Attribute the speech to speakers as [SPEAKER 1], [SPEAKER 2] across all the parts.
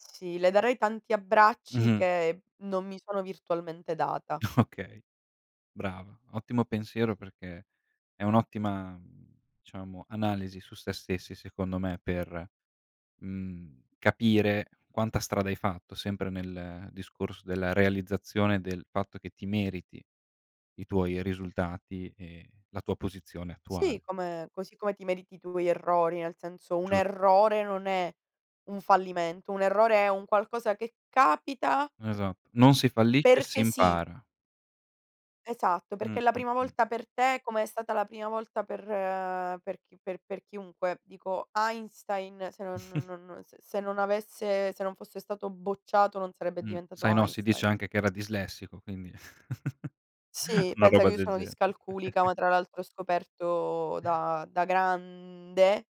[SPEAKER 1] Sì, le darei tanti abbracci
[SPEAKER 2] Mh-mh.
[SPEAKER 1] che non mi sono virtualmente data.
[SPEAKER 2] Okay. Brava, ottimo
[SPEAKER 1] Penso di
[SPEAKER 2] pensiero
[SPEAKER 1] sì.
[SPEAKER 2] perché è un'ottima diciamo analisi su sé stessi secondo me per, mhmm, capire quanta strada hai fatto sempre nel discorso della realizzazione del fatto che ti meriti i tuoi risultati e la tua posizione
[SPEAKER 1] Sì,
[SPEAKER 2] attuale.
[SPEAKER 1] come così come ti meriti tu gli errori, nel senso un
[SPEAKER 2] Giusto.
[SPEAKER 1] errore non è un fallimento, un errore è un qualcosa che capita
[SPEAKER 2] Esatto, non si fallisce, si
[SPEAKER 1] perché sì.
[SPEAKER 2] impara.
[SPEAKER 1] Esatto, perché
[SPEAKER 2] Mh,
[SPEAKER 1] è la
[SPEAKER 2] mh,
[SPEAKER 1] prima
[SPEAKER 2] mh.
[SPEAKER 1] volta per te come è stata la prima volta per per chi per per chiunque. Dico Einstein se non non non se non avesse se non fosse stato bocciato non sarebbe
[SPEAKER 2] Mh,
[SPEAKER 1] diventato
[SPEAKER 2] sai no, si dice
[SPEAKER 1] Einstein.
[SPEAKER 2] anche che era dislessico, quindi
[SPEAKER 1] Sì,
[SPEAKER 2] una
[SPEAKER 1] pensa che
[SPEAKER 2] roba
[SPEAKER 1] io
[SPEAKER 2] del
[SPEAKER 1] sono
[SPEAKER 2] gene
[SPEAKER 1] discalculica, ma tra l'altro ho scoperto da da grande.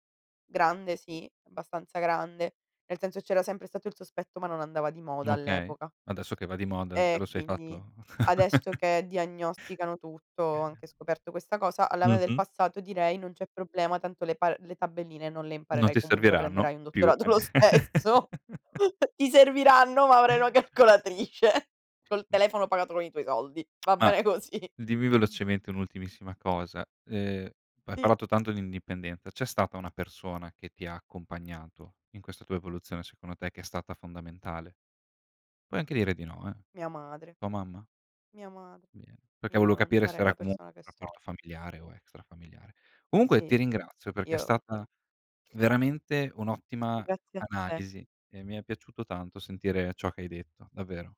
[SPEAKER 1] Grande sì, abbastanza grande, nel senso c'era sempre stato il sospetto, ma non andava di moda
[SPEAKER 2] Okay,
[SPEAKER 1] all'epoca.
[SPEAKER 2] adesso che va di moda te lo
[SPEAKER 1] E
[SPEAKER 2] sei
[SPEAKER 1] quindi
[SPEAKER 2] fatto
[SPEAKER 1] adesso che diagnosticano tutto ho anche scoperto questa cosa. Alla me del
[SPEAKER 2] Mh-mh.
[SPEAKER 1] passato direi: "Non c'è problema, tanto le pa le tabelline non le
[SPEAKER 2] Non
[SPEAKER 1] imparerai
[SPEAKER 2] ti
[SPEAKER 1] comunque,
[SPEAKER 2] serviranno
[SPEAKER 1] prenderai un
[SPEAKER 2] più
[SPEAKER 1] dottorato
[SPEAKER 2] a
[SPEAKER 1] lo
[SPEAKER 2] nie
[SPEAKER 1] stesso. Ti serviranno, ma avrai una calcolatrice col
[SPEAKER 2] Mh.
[SPEAKER 1] telefono pagato con i tuoi soldi." Va
[SPEAKER 2] Ah.
[SPEAKER 1] bene così.
[SPEAKER 2] Dimmi velocemente un'ultimissima cosa. Ehm, hai
[SPEAKER 1] Sì.
[SPEAKER 2] parlato tanto di indipendenza, c'è stata una persona che ti ha accompagnato in questa tua evoluzione secondo te che è stata fondamentale? Puoi anche dire di no eh.
[SPEAKER 1] Mia madre.
[SPEAKER 2] Tua mamma?
[SPEAKER 1] Mia madre.
[SPEAKER 2] Bene, perché
[SPEAKER 1] Io
[SPEAKER 2] volevo
[SPEAKER 1] non
[SPEAKER 2] capire se
[SPEAKER 1] sarei
[SPEAKER 2] era
[SPEAKER 1] la
[SPEAKER 2] comunque
[SPEAKER 1] persona che
[SPEAKER 2] un
[SPEAKER 1] sono.
[SPEAKER 2] rapporto familiare o extra familiare. Comunque ti
[SPEAKER 1] Sì, sì,
[SPEAKER 2] ringrazio perché è
[SPEAKER 1] io
[SPEAKER 2] stata veramente un'ottima
[SPEAKER 1] Grazie a te.
[SPEAKER 2] analisi e mi è piaciuto tanto sentire ciò che hai detto, davvero.